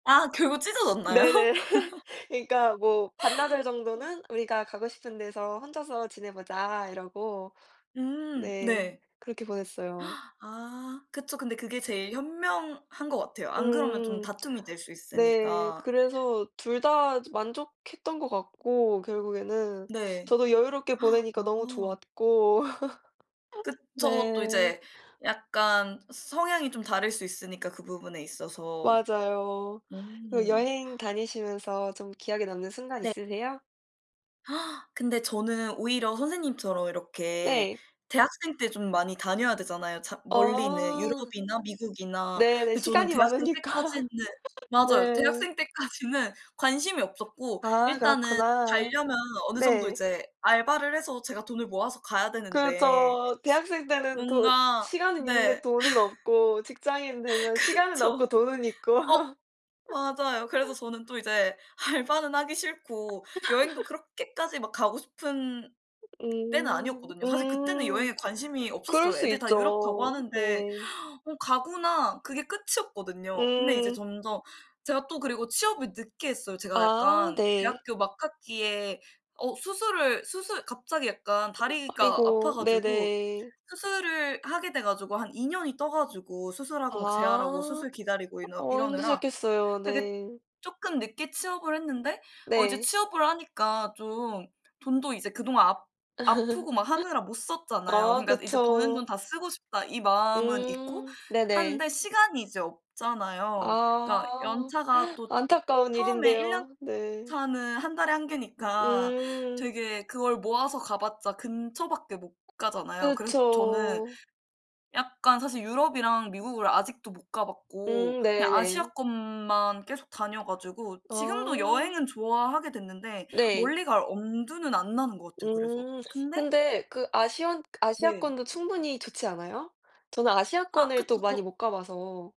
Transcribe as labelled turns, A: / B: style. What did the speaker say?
A: 아 그거 찢어졌나요?
B: 네네. 그니까 뭐 반나절
A: 어.
B: 정도는 우리가 가고 싶은 데서 혼자서 지내보자 이러고
A: 음
B: 네
A: 네.
B: 그렇게 보냈어요.
A: 아 그쵸. 근데 그게 제일 현명한 것 같아요. 안 그러면 좀
B: 음.
A: 다툼이 될 수
B: 네.
A: 있으니까.
B: 그래서 둘 다 좀 만족했던 것 같고 결국에는.
A: 네.
B: 저도 여유롭게 보내니까 너무
A: 어.
B: 좋았고.
A: 그쵸. 또
B: 네.
A: 이제 약간 서 성향이 좀 다를 수 있으니까 그 부분에 있어서.
B: 맞아요. 그
A: 음.
B: 여행 다니시면서 좀 기억에 남는 순간
A: 네.
B: 있으세요?
A: 근데 저는 오히려 선생님처럼 이렇게
B: 네.
A: 대학생 때 좀 많이 다녀야 되잖아요 자 멀리는.
B: 어.
A: 유럽이나 미국이나.
B: 네네.
A: 근데 저는
B: 시간이
A: 대학생
B: 많으니까.
A: 때까지는
B: 네.
A: 맞아요 대학생 때까지는 관심이 없었고
B: 아
A: 일단은
B: 그렇구나.
A: 갈려면 어느 정도
B: 네.
A: 이제 알바를 해서 제가 돈을 모아서 가야 되는데
B: 그렇죠. 대학생 때는 돈
A: 뭔가
B: 시간은 있는데
A: 네
B: 돈은 없고 직장인 되면 시간은 없고
A: 그쵸.
B: 돈은 있고.
A: 어 맞아요. 그래서 저는 또 이제 알바는 하기 싫고 여행도 그렇게까지 막 가고 싶은 때는
B: 음.
A: 아니었거든요. 사실 그때는
B: 음.
A: 여행에 관심이
B: 그럴
A: 없었어요.
B: 수
A: 애들 다 유럽 가고
B: 있죠.
A: 하는데
B: 네.
A: '어 가구나,' 그게 끝이었거든요. 근데 이제
B: 음.
A: 점점 제가 또 그리고 취업을 늦게 했어요. 제가
B: 아
A: 약간
B: 네.
A: 대학교 막학기에 어 수술을 수술 갑자기 약간
B: [unintelligible]
A: 다리가 아파
B: 아이고.
A: 가지고
B: 네네.
A: 수술을 하게 돼 가지고 한 2 년이 떠 가지고 수술하고 막 재활하고
B: 아.
A: 수술 기다리고 이너
B: 어
A: 이러느라
B: 힘드셨겠어요.
A: 되게
B: 네.
A: 쪼끔 늦게 취업을 했는데 어 이제
B: 네.
A: 취업을 하니까 좀 돈도 이제 그동안 아 아프고 막 하느라 못 썼잖아요.
B: 아
A: 그니까 이제 버는 돈
B: 그쵸.
A: 다 쓰고 싶다 이 마음은 있고
B: 음. 네네.
A: 하는데 시간이 이제 없잖아요. 그니까
B: 아
A: 연차가 또
B: 안타까운
A: 처음에 1 년
B: 일인데요. 네.
A: 차는 1 달에 1 개니까
B: 음.
A: 되게 그걸 모아서 가봤자 근처밖에 못 가잖아요. 그래서 저는
B: 그쵸.
A: 약간 사실 유럽이랑 미국을 아직도 못 가봤고
B: 음. 네
A: 그냥
B: 네.
A: 아시아권만 계속 다녀 가지고. 지금도
B: 아.
A: 여행은 좋아하게 됐는데
B: 네.
A: 멀리 갈 엄두는 안 나는 것 같아요. 그래서
B: 음.
A: 근데
B: 근데 그 아시안
A: 네.
B: 아시아권도 충분히 좋지 않아요? 저는
A: 아
B: 아시아권을 또
A: 그쵸.
B: 많이
A: 더
B: 못 가봐서.